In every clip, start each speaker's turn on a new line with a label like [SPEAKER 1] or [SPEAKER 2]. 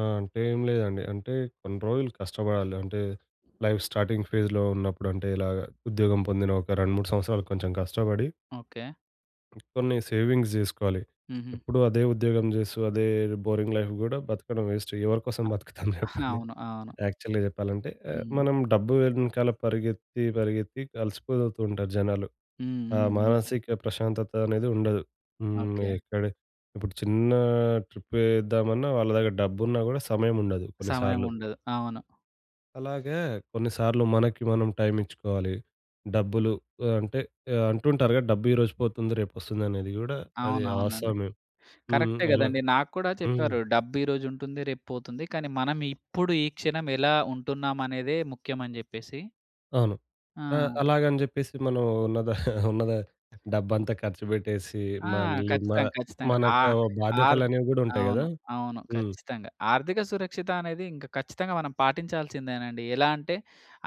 [SPEAKER 1] ఆ! అంటే ఏం లేదండి. అంటే కొన్ని రోజులు కష్టపడాలి అంటే లైఫ్ స్టార్టింగ్ ఫేస్‌లో ఉన్నప్పుడు, అంటే ఇలాగ ఉద్యోగం పొందిన ఒక 2, 3 సంవత్సరాలు కొంచెం కష్టబడి...
[SPEAKER 2] ఓకే.
[SPEAKER 1] కొన్ని సేవింగ్స్ జేసుకోవాలి.
[SPEAKER 2] హుహు.
[SPEAKER 1] ఎప్పుడూ అదే ఉద్యోగం జేస్తూ అదే బోరింగ్ లైఫ్ గూడా బతకడం వేస్ట్. ఎవరి కోసం
[SPEAKER 2] ఆ!
[SPEAKER 1] బతుకుతాం జెప్పండి.
[SPEAKER 2] అవును. అవును.
[SPEAKER 1] యాక్చువల్‌గా చెప్పాలంటే ఆహ్,
[SPEAKER 2] హ్మ్.
[SPEAKER 1] మనం డబ్బు వెనకాల పరిగెత్తి, పరిగెత్తి ఇంక అలిసిపోతుంటారు జనాలు.
[SPEAKER 2] హ్మ్.
[SPEAKER 1] ఆ
[SPEAKER 2] హ్మ్. హ్మ్.
[SPEAKER 1] మానసిక ప్రశాంతత అనేది ఉండదు. హ్మ్.
[SPEAKER 2] ఓకే.
[SPEAKER 1] ఎక్కడ ఇప్పుడు చిన్న ట్రిప్ యేద్దామన్నా వాళ్ళ దగ్గర డబ్బున్నా గూడా సమయముండదు
[SPEAKER 2] సమయం
[SPEAKER 1] కొన్నిసార్లు.
[SPEAKER 2] ఉండదు. అవును.
[SPEAKER 1] అలాగే కొన్నిసార్లు మనకి మనం టైమిచ్చుకోవాలి. డబ్బులు ఆహ్, అంటే ఆహ్, అంటుంటారుగా డబ్బు ఈరోజు పోతుంది రేపొస్తుంది అనేది గూడా అది
[SPEAKER 2] అవునవునండి.
[SPEAKER 1] వాస్తవమే. హ్మ్.
[SPEAKER 2] కరెక్టే
[SPEAKER 1] అలాగ
[SPEAKER 2] గదండీ. నాకు కూడా
[SPEAKER 1] హ్మ్.
[SPEAKER 2] చెప్పారు. "డబ్బు ఈరోజుంటుంది రేపు పోతుంది. కానీ మనం ఇప్పుడు, ఈ క్షణం ఎలా ఉంటున్నామనేదే ముఖ్యం" అని జెప్పేసి.
[SPEAKER 1] అవును. ఆహ్,
[SPEAKER 2] ఆ!
[SPEAKER 1] అలాగని జెప్పేసి మనం ఉన్నద ఉన్నదా డబ్బంతా ఖర్చుబెట్టేసి
[SPEAKER 2] ఆ!
[SPEAKER 1] మళ్ళీ మా
[SPEAKER 2] ఖచ్చితంగా, ఖచ్చితంగా. ఆ!
[SPEAKER 1] మనకు
[SPEAKER 2] ఆర్
[SPEAKER 1] బాధ్యతలనేవి గూడా ఉంటాయి గదా!
[SPEAKER 2] అవును. అవును.
[SPEAKER 1] హ్మ్.
[SPEAKER 2] ఖచ్చితంగా ఆర్థిక సురక్షిత అనేది ఇంక ఖచ్చితంగా మనం పాటించాల్సిందేనండి. ఎలా అంటే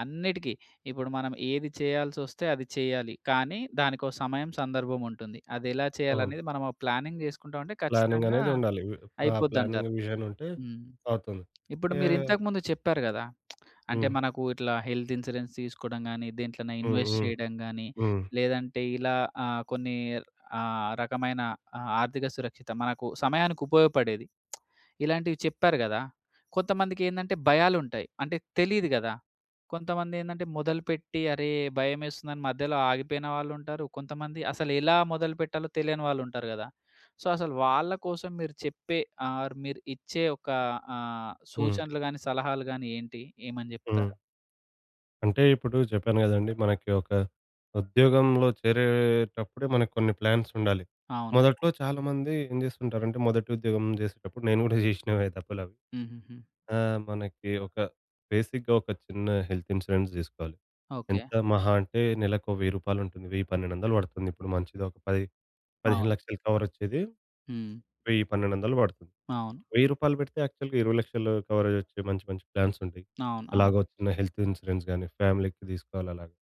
[SPEAKER 2] అన్నిటికి ఇప్పుడు మనం ఏది చేయాల్సొస్తే అది చెయ్యాలి. కానీ దానికొ సమయం సందర్భముంటుంది. అదెలా
[SPEAKER 1] అవును.
[SPEAKER 2] చేయాలనేది మనము ఒక ప్లానింగ్ చేసుకుంటామంటే
[SPEAKER 1] ప్లానింగ్
[SPEAKER 2] ఖచ్చితంగా
[SPEAKER 1] అనేదుండాలి. వి ఆ ప్లానింగ్
[SPEAKER 2] అయిపోద్దంటారు.
[SPEAKER 1] విజన్ ఉంటే
[SPEAKER 2] హ్మ్.
[SPEAKER 1] అవుతుంది.
[SPEAKER 2] ఇప్పుడు
[SPEAKER 1] ఏ
[SPEAKER 2] మీరింతకు ముందు చెప్పారు గదా! అంటే
[SPEAKER 1] హ్మ్.
[SPEAKER 2] మనకు ఇట్లా హెల్త్ ఇన్స్యూరెన్స్ తీసుకోవడం గానీ, దేంట్లోన
[SPEAKER 1] హ్మ్.
[SPEAKER 2] ఇన్‌వెస్ట్
[SPEAKER 1] హ్మ్.
[SPEAKER 2] చేయడం గానీ
[SPEAKER 1] హ్మ్.
[SPEAKER 2] లేదంటే ఇలా ఆహ్, కొన్ని ఆహ్, రకమైన ఆర్థిక సురక్షిత మనకు సమయానికుపయోగపడేది. ఇలాంటివి చెప్పారు గదా! కొంతమందికేందంటే భయాలుంటాయి. అంటే తెలీదు గదా! కొంతమందేందంటే మొదలుపెట్టి అరే! భయమేస్తుందని మధ్యలో ఆగిపోయిన వాళ్ళుంటారు. కొంతమంది అసలు ఎలా మొదలుపెట్టాలో తెలియని వాళ్ళుంటారు గదా! సో, అసలు వాళ్ళ కోసం మీరు చెప్పే ఆర్ మీరు ఇచ్చే ఒక ఆహ్,
[SPEAKER 1] హ్మ్.
[SPEAKER 2] సూచనలు గానీ, సలహాలు గానీ ఏంటి? ఏమని జెప్తారు?
[SPEAKER 1] హ్మ్. అంటే ఇప్పుడు చెప్పాను గదండీ. మనకి ఒక ఉద్యోగంలో చేరేటప్పుడే మనకు కొన్ని ప్లాన్స్ ఉండాలి.
[SPEAKER 2] అవును.
[SPEAKER 1] మొదట్లో చాలా మంది ఏం జేస్తుంటారంటే, మొదటి ఉద్యోగం జేసేటప్పుడు, నేను గూడా జేసినవే తప్పులవి.
[SPEAKER 2] హుహుహు.
[SPEAKER 1] ఆహ్, మనకి ఒక బేసిక్‌గా ఒక చిన్న హెల్త్ ఇన్స్యూరెన్స్ తీసుకోవాలి.
[SPEAKER 2] ఓకే.
[SPEAKER 1] ఎంత మహా అంటే నెలకు ఓ వెయ్యి రూపాలుంటుంది. 1000, 1200 బడుతుందిప్పుడు. మంచిది ఒక 10 పదిహేను
[SPEAKER 2] అవును.
[SPEAKER 1] లక్షలు కవరొచ్చేది.
[SPEAKER 2] హ్మ్.
[SPEAKER 1] 1000, 1200 బడుతుంది.
[SPEAKER 2] అవును.
[SPEAKER 1] రూ. 1000 బెడితే యాక్చువల్‌గా 20,00,000 కవరేజ్ వచ్చే మంచి మంచి ప్లాన్స్ ఉంటాయి.
[SPEAKER 2] అవును. అవును.
[SPEAKER 1] అలాగొచ్చిన హెల్త్ ఇన్స్యూరెన్స్ గానీ ఫ్యామిలీ‌కి తీసుకోవాలి అలాగ.